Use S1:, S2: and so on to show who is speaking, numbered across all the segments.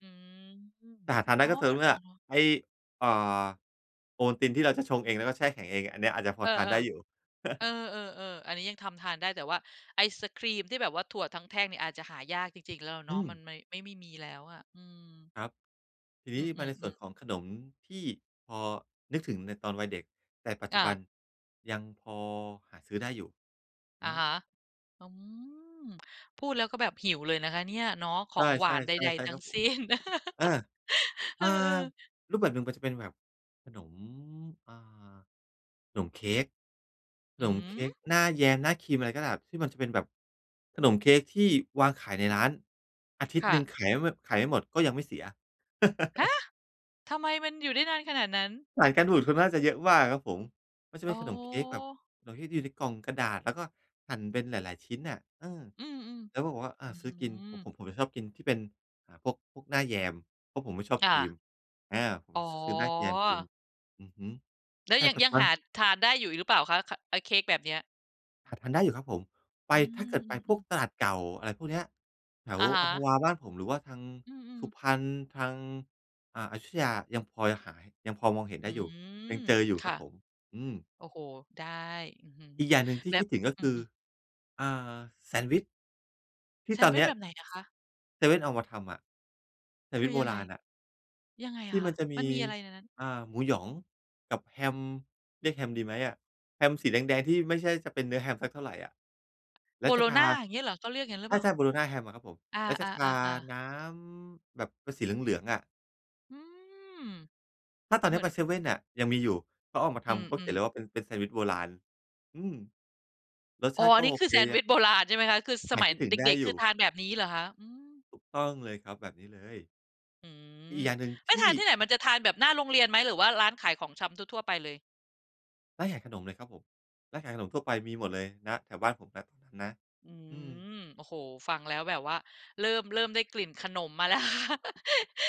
S1: อืม
S2: แต่หาทานได
S1: อ
S2: ้
S1: ๋อ
S2: ก็ต่อ
S1: ก็
S2: เมื่
S1: อ
S2: อ
S1: ะฮะ
S2: ไอ้ เอ่อ โอวัลตินที่เราจะชงเอง แล้วก็แช่แข็งเอง อันเนี้ยอาจจะพ
S1: เ
S2: อ
S1: ออ
S2: ทานได้อยู่
S1: ๆ เออ ๆ ๆ อันนี้ยังทำทานได้ แต่ว่าไอศกรีมที่แบบว่าถั่วทั้งแท่งเนี่ยอาจจะหายาก จริง ๆ แล้วเ
S2: อ
S1: น
S2: ื
S1: าะ มัน
S2: ม
S1: ไม ไม่ ไม่มีแล้วอะ อืม
S2: ครับ ทีน
S1: อื
S2: ี้มาในส่ว
S1: อ ๆ
S2: น
S1: ๆ
S2: ของขนมที่พอนึกถึงในตอนวัยเด็ก แต่ปัจจ
S1: อ
S2: ุบัน
S1: า
S2: ยังพอหาซื้อได้อยู่ อ
S1: อะ
S2: ื
S1: ฮะ
S2: อ
S1: อืม พูดแล้ว ก็แบบหิวเลยนะคะเนี่ย เนาะ ข
S2: ใ
S1: อ
S2: ช่
S1: ง
S2: ๆ
S1: หวานใด
S2: ๆ ใช่
S1: ๆ ทั
S2: คร
S1: ้
S2: ั
S1: ง
S2: บผ
S1: ส
S2: ม
S1: ิ้น
S2: อา
S1: เอ
S2: อ่
S1: อ
S2: า
S1: เออ
S2: รูปแบบหนึ่งมันจะเป็นแบบขนม อ่า ขนมเค้ก ข
S1: อื
S2: นมเค้
S1: ม
S2: กหน้าแยม หน้าครีมอะไรก็แบบ ที่มันจะเป็นแบบขนมเค้กที่วางขายในร้าน อาทิต
S1: ค
S2: ย์
S1: ่
S2: หนึ่ง
S1: ะ
S2: ขายแมบ ขายไม่หมด ก็ยังไม่เสีย
S1: ฮะ! ทำไมมันอยู่ได้นานขนาดนั้น?
S2: สารกันบูดเขาน่าจะเยอะมากครับผม มันจะเ
S1: อ
S2: ป็
S1: ๋
S2: น
S1: อ
S2: ขนมเค้กแบบ ขนมเค้กที่อยู่ในกล่องกระดาษแล้วก็หั่นเป็นหลาย ๆ ชิ้นอะ เออ
S1: อืม
S2: แล้วผมก็ อ่
S1: ๆ
S2: า
S1: อื้อ
S2: ซื้
S1: ฮ
S2: อ
S1: ื
S2: กิน ผ
S1: อ
S2: ม ผมชอบกินที่ อ่า เป็นพวก พวกหน้าแยม เพราะผมไม่ชอบ
S1: ค
S2: ค
S1: ่
S2: ร
S1: ะ
S2: ีม อา ผม
S1: อ๋อ
S2: ซ ซื้อหน้าแยมกิน อือฮึ
S1: แล้
S2: แต
S1: ว
S2: ่
S1: ยัง
S2: ปัจ
S1: ย
S2: จ
S1: ั
S2: ุ
S1: ง
S2: บั
S1: หา
S2: น
S1: ทานได้อยู่อีกหรือเปล่าคะ ค อะเค้กแบบเนี้ย?
S2: หาทานได้อยู่ครับผม ไป
S1: อื
S2: ถ้าเก
S1: ม
S2: ิดไปพ
S1: อื
S2: วก
S1: อ ๆ
S2: ตลาดเก่าอะไรพวกเนี้ย แถว
S1: อะฮ
S2: อัมพ
S1: ะ
S2: วาบ้านผม หรือว่าทาง
S1: อื
S2: ส
S1: อ
S2: ุ
S1: ๆ
S2: พรรณ ทาง อ่า อยุธยายังพอ ยังหา ยังพอมองเห็น
S1: อ
S2: ไ
S1: ื
S2: ด้อยู่ ย
S1: ม
S2: ังเจออยู่
S1: ค
S2: คร
S1: ่
S2: ั
S1: ะ
S2: บผม อืม
S1: โอ้โฮ ได้ อื้อฮือ
S2: อีกอย่างหนึ่งที่
S1: แบ
S2: คิ
S1: บ
S2: ดถึง ก็
S1: อื
S2: คือ
S1: ม ๆ
S2: อ่า แซนด์วิช ที
S1: แ
S2: ่
S1: ซ
S2: ต
S1: น
S2: อ
S1: ด
S2: น
S1: ์ว
S2: เ
S1: ิ
S2: น
S1: ช
S2: ี้
S1: แ
S2: ย
S1: บบไหนอะคะ?
S2: เซเว่นเอามาทำอะ แซน
S1: ค
S2: ด์วิ
S1: ื
S2: ช
S1: อ
S2: โบ
S1: ยังไ
S2: ร
S1: ง?
S2: าณอะ
S1: ยังไง
S2: ที่
S1: ค
S2: ม
S1: ่
S2: ั
S1: ะ?
S2: นจะม
S1: มั
S2: ี
S1: นมีอะไรในนั้น?
S2: อ่า หมูหยองกับแฮม เรียกแฮมดีไหมอะ แฮมสีแดง ๆ ที่ไม่ใช่จะเป็นเนื้อแฮมสักเท่าไรอะ แล้
S1: โบ
S2: วจ
S1: โล
S2: ะพ
S1: ญ
S2: า
S1: ญา อย่างนี้เหรอ? เขาเรียกงั้นหรื
S2: ใ
S1: อเปล่า?
S2: ช่ ๆ โบโลญญาแฮมอะครับผม
S1: อา
S2: แล้วจะทา
S1: ๆ ๆ ๆ
S2: น้ำแบบเป็นสีเหลือง ๆ อะ
S1: อืม
S2: ถ้าตอน
S1: เ
S2: เ
S1: ห
S2: นี
S1: ม
S2: ้
S1: ื
S2: ย
S1: อน
S2: ไปเซเว่นอะ ยังมีอยู่ เขาออกมาท
S1: อื
S2: ำ เขาเขีย
S1: ม
S2: นเล
S1: ๆ
S2: ยว่า เป็น เป็นแซนด์วิชโบราณ อืม รส
S1: อ
S2: ช
S1: ๋อ
S2: าติก
S1: อั
S2: ็
S1: นน
S2: โ
S1: ี้
S2: อ
S1: คื
S2: เ
S1: อ
S2: ค
S1: แซนด์ว
S2: ย
S1: ิชโบราณใช่ไหมคะ? คือส
S2: หา
S1: ม
S2: ย
S1: ัย
S2: คิดถึ
S1: เ
S2: งได้
S1: ด็ก ๆ
S2: อ
S1: ค
S2: ย
S1: ื
S2: ู
S1: อ
S2: ่
S1: ทานแบบนี้เหรอคะ? อือ
S2: ถูกต้องเลยครับแบบนี้เลย
S1: อื
S2: อีก
S1: ม
S2: อย่างหนึ่ง
S1: ไป
S2: ที
S1: ทา
S2: ่
S1: นที่ไหน? มันจะทานแบบหน้าโรงเรียนไหม หรือว่าร้านขายของชำทั่ว ๆ ไปเลย?
S2: ร้านขายขนมเลยครับผม ร้านขายขนมทั่วไปมีหมดเลย ณ แถวบ้านผมนะ นะ
S1: อื
S2: อือ
S1: ม โอ้โฮ ฟังแล้วแบบว่าเริ่ม เริ่มได้กลิ่นขนมมาแล้ว ค่ะ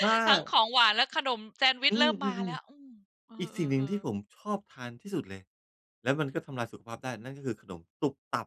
S2: ถ้
S1: ทั้งข
S2: า
S1: องหวานและขนมแซนด์วิ
S2: อ
S1: ช
S2: ื
S1: เริ่มมาแล้
S2: อ
S1: ว อื
S2: ๆ
S1: ม เอ
S2: ๆ อีกสิ่งหนึ่งท
S1: อ
S2: ี่ผ
S1: ๆ ๆ
S2: มชอบทานที่สุดเลย แล้วมันก็ทำลายสุขภาพได้ นั่นก็คือขนมตุ๊บตั๊บ